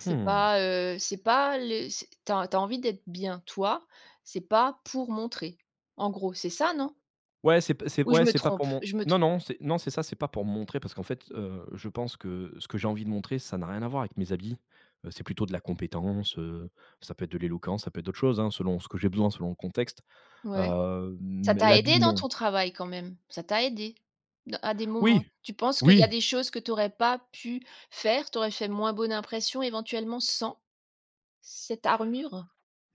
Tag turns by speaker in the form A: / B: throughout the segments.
A: C'est
B: Mmh.
A: pas, heu, c'est pas les c'est tu as tu as envie d'être bien toi, c'est pas pour montrer. En gros, c'est ça non?
B: Ouais c'est p c'est
A: Ou je
B: ouais
A: me
B: c'est pas
A: trompe?
B: pour mon
A: Je me
B: non
A: trompe.
B: non c'est non c'est ça, c'est pas pour me montrer parce qu'en fait, heu, je pense que ce que j'ai envie de montrer ça n'a rien à voir avec mes habits, heu, c'est plutôt de la compétence, heu, ça peut être de l'éloquence, ça peut être d'autres choses, hein, selon ce que j'ai besoin, selon le contexte,
A: Ouais,
B: heu, mmh,
A: ça
B: mais
A: t'a
B: l'habit
A: aidé dans
B: non.
A: ton travail quand même? Ça t'a aidé? De à des moments?
B: Oui!
A: Tu penses qu'il y a
B: Oui.
A: des choses que tu aurais pas pu faire, tu aurais fait moins bonne impression éventuellement, sans cette armure?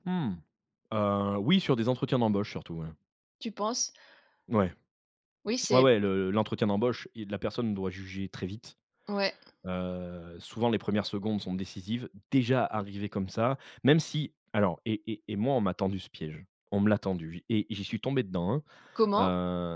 B: Mmh. Heu, oui, sur des entretiens d'embauche surtout, ouais.
A: Tu penses?
B: Ouais.
A: Oui,
B: Ouais
A: c'est p
B: ouais, le l'entretien d'embauche, il la personne doit juger très vite.
A: Ouais.
B: Heu, souvent les 1res secondes sont décisives, déjà arrivé comme ça. Même si alors et et et moi on m'a tendu ce piège, on me l'a tendu j et j'y suis tombé dedans, hein.
A: Comment?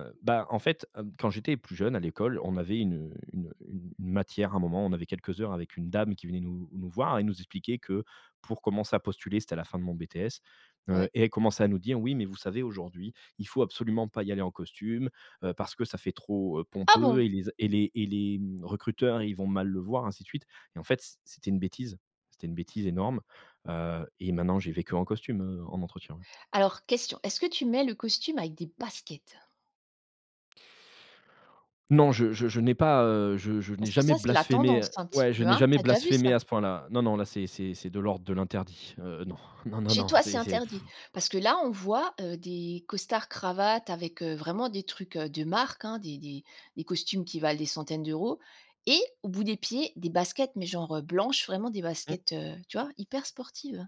B: Heu, bah en fait, heu, quand j'étais plus jeune à l'école, on avait une, heu, une, heu, une une matière à un moment, on avait quelques heures avec une dame qui venait nous nous voir et nous expliquer que pour commencer à postuler c'était à la fin de mon BTS,
A: Ouais.
B: heu et elle commençait à nous dire: «Oui, mais vous savez aujourd'hui, il faut absolument pas y aller en costume, heu, parce ça fait trop, heu,
A: Ah
B: pompeux
A: bon?
B: et les a et les et les mmh, recruteurs, ils vont mal le voir», ainsi de suite et en fait, c c'était une bêtise. C'était une bêtise énorme, heu et maintenant, j'y vais que en costume, heu, en entretien, hein.
A: Alors question, est-ce que tu mets le costume avec des baskets?
B: Non, je je je n'ai pas, heu, je je n'ai
A: Parce que
B: jamais
A: ça, c'est la
B: blasphémé,
A: tendance
B: heu
A: un petit
B: ouais je
A: peu,
B: n'ai
A: hein,
B: jamais
A: tu as déjà vu
B: blasphémé
A: ça?
B: à ce point là. Non non, là c'est c'est c'est de l'ordre de l'interdit, heu, non. Non non
A: Chez
B: non,
A: toi c'est
B: c'est c'est
A: interdit? Parce que là on voit, heu, des costards cravates avec, heu, vraiment des trucs, heu, de marque, hein, des des des costumes qui valent des centaines d'euros et au bout des pieds, des baskets, mais genre, heu, blanches, vraiment des
B: Mmh.
A: baskets, heu, tu vois, hyper sportives.